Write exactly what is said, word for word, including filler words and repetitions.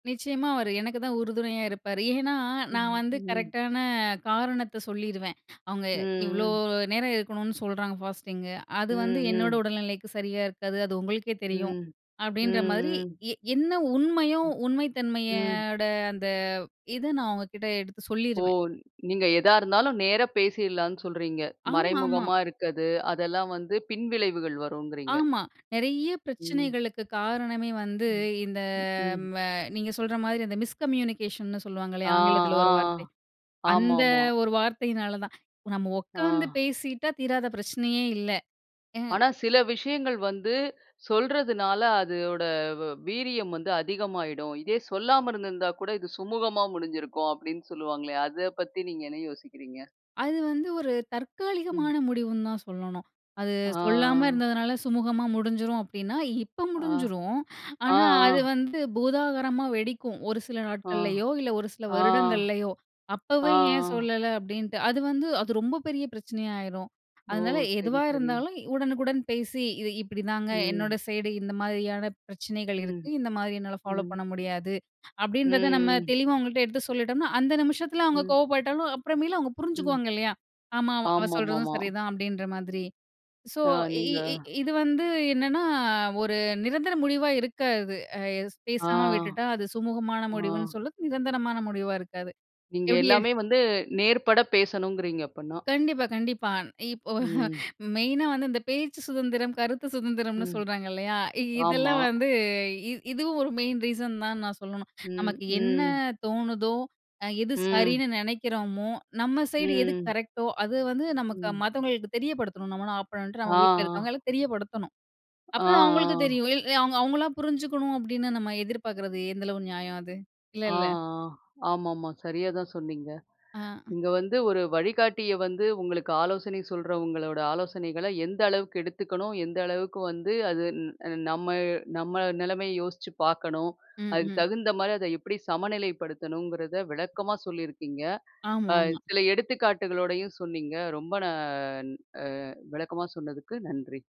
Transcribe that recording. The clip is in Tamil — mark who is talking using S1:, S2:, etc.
S1: நிச்சயமா அவரு எனக்குதான் உறுதுணையா இருப்பாரு. ஏன்னா, நான்
S2: ம்
S1: வந்து
S2: ம்.
S1: கரெக்ட்டான காரணத்த சொல்லிருவேன். "அவுங்க
S2: ம்
S1: இவ்ளோ
S2: ம்.
S1: நேரம் இருக்கணுனனு சொல்றாங்க ஃபாஸ்டிங்கு அது வந்து
S2: ம்
S1: என்னோட
S2: ம்.
S1: உடல்நிலைக்கு சரியா இருக்காது. அது உங்களுக்கே தெரியும்"
S2: ம்-ம்
S1: அப்பிடின்றமாரி,
S2: ம்.
S1: எ என்ன உண்மையோ,
S2: ம். ம்.
S1: உண்மைத்தன்மையோட அந்த இத நான் அவுங்கக்கிட்ட எடுத்து
S2: ஓ!
S1: சொல்லிருவேன்.
S2: நீங்க எதா இருந்தாலும், நேரா பேசிட்லான்னு சொல்றீங்க.
S1: ஆமா-ஆமா.
S2: மறைமுகமா இருக்கது, அதெல்லாம் வந்து பின்விளைவுகள் வரும்ங்கிறீங்க!
S1: ஆமா. நெறைய
S2: ம்.
S1: பிரச்சனைகளுக்கு காரணமே வந்து
S2: ம்,
S1: இந்த
S2: ம் ம்.
S1: ம நீங்க சொல்ற மாதிரி அந்த மிஸ்கம்யூனிகேஷன்னு சொல்லுவாங்களே!
S2: ஆ
S1: ஆங்கிலத்தில
S2: ஆ.
S1: ஒரு வார்த்தை.
S2: ஆமா
S1: அந்த
S2: ஆமா.
S1: ஒரு வார்த்தையினால தான். நாம உக்காந்து
S2: ஆ.
S1: பேசிட்டா தீராத பிரச்சனையே இல்ல. எ
S2: ஆனா, "சில விஷயங்கள் வந்து சொல்றதுனால, அது ஓட வ் வீரியம் வந்து அதிகமாயிடும். இதே சொல்லாம இருந்திருந்தா கூட, இது சுமூகமா முடிஞ்சிருக்கும்" அப்பிடின்னு சொல்லுவாங்களே! அத பத்தி நீங்க என்ன யோசிக்கிறீங்க?
S1: அது வந்து ஒரு
S2: ம்.
S1: தற்காலிகமான முடிவுன்னு தான் சொல்லணும். அது சொல்லாம
S2: ஆ.
S1: இருந்ததுனால சுமூகமாமுடிஞ்சிரும் அப்பிடின்னா, இப்ப
S2: ஆ,
S1: முடிஞ்சிரும்.
S2: அ
S1: ஆனா, அது
S2: ஆ.
S1: வந்து பூதாகரமா வெடிக்கும். ஒரு சில
S2: ஆ,
S1: நாட்கள்லயோ! இல்ல ஒரு சில
S2: ஆ,
S1: வருடங்கள்லயோ!
S2: ஆ, ஆ.
S1: "அப்பவே ஏன் சொல்லல?" அப்பிடின்ட்டு, அது வந்து அது ரொம்ப பெரிய பிரச்சனையா ஆயிரும்.
S2: ஓ!
S1: அதனால
S2: சரி
S1: எதுவா
S2: சரி.
S1: இருந்தாலும், உடனுக்குடன் பேசி, "இது இப்பிடிதாங்க. என்னோட
S2: ம்.
S1: சைடு இந்த மாதிரியான பிரச்சனைகள் இருக்கு.
S2: ம்,
S1: இந்தமாரி என்னால ஃபாலோப்
S2: ம்.
S1: பண்ண முடியாது."
S2: ம்
S1: அப்பிடின்றத நம்ம
S2: ம்.
S1: தெளிவா அவுங்கள்ட்ட எடுத்து சொல்லிட்டம்ன்னா, அந்த நிமிஷத்தில அவுங்க
S2: ம்.
S1: கோவப்பட்டாலும், அப்புறமேலு அவுங்க
S2: ம்.
S1: புரிஞ்சுக்குவாங்க இல்லயா! "ஆமா, அவ
S2: ஆமா-மா,
S1: சொல்றதும்
S2: ஆமா.
S1: சரிதான்." அப்பிடின்ற மாதிரி. ஸோ
S2: ஆ,
S1: இ
S2: நீங்க
S1: இ இது வந்து என்னான்னா, ஒரு நிரந்தர முடிவா இருக்காது. அ எஸ்
S2: ஆ.
S1: பேசாம விட்டுட்டா, அது சுமூகமான
S2: ஆ.
S1: முடிவுன்னு சொல்லத் நிரந்தரமான முடிவா இருக்காது.
S2: நீங்க
S1: எப்பிடி எ
S2: எல்லாமே வந்து, நேர்பட பேசணும்ங்குறீங்க, அப்பன்னா!
S1: கண்டிப்பா கண்டிப்பா. அந் இப்போ
S2: ம்.
S1: மெயினா வந்து இந்த பேச்சு சுதந்திரம், கருத்து சுதந்திரம்னு
S2: ம்.
S1: சொல்றாங்க இல்லயா! இ
S2: ஆமா.
S1: இதெல்லாம் வந்து இ இதுவும் ஒரு மெயின் ரீசன் தான் நான் சொல்லணும்.
S2: ம்
S1: நமக்கு என்ன
S2: ம்.
S1: தோணுதோ! அ எது
S2: ம்.
S1: சரின்னு நெனைக்கிறோமோ! நம்ம சைடு எது
S2: ம்.
S1: கரெக்ட்டோ! அது வந்து நமக்கு
S2: ம்.
S1: மத்தவங்களுக்கு தெரியப்படுத்தணும். நம்ம என்னானாப் பண்றோண்ட்டு
S2: ஆ
S1: அவுங்க வீட்ல
S2: ஆ.
S1: இருக்கவங்களுக்கு தெரியப்படுத்தணும்.
S2: ஆ
S1: அப்ப தான் அவுங்களுக்கு தெரியும்.
S2: ஆ.
S1: இல் அவ் "அவுங்களா புரிஞ்சுக்கணும்" அப்பிடின்னு நம்ம எதிர்பாக்கிறது எந்தளவு நியாயம் அது?
S2: ஆ ஆ.
S1: இல்லல்ல!
S2: ஆமா-ஆமா. சரியா தான் சொன்னீங்க.
S1: ஆ.
S2: இங்க வந்து, ஒரு வழிகாட்டிய வந்து உங்களுக்கு ஆலோசனை சொல்றவங்களோட ஆலோசனைகள, எந்த அளவுக்கு எடுத்துக்கணும்? எந்த அளவுக்கு வந்து அது ந் நம்ம நம்ம நிலைமைய யோசிச்சு பார்க்கணும்.
S1: ம்,
S2: அதுக்கு
S1: ம்.
S2: தகுந்தமாரி அத எப்பிடி சமநிலைப்படுத்தணுங்கிறத, விளக்கமா சொல்லியிருக்கீங்க! ஆ,
S1: ஆமா, ஆமா.
S2: சில எடுத்துக்காட்டுகளோடையும் சொன்னீங்க. ரொம்ப நான் ஆ விளக்கமா சொன்னதுக்கு நன்றி!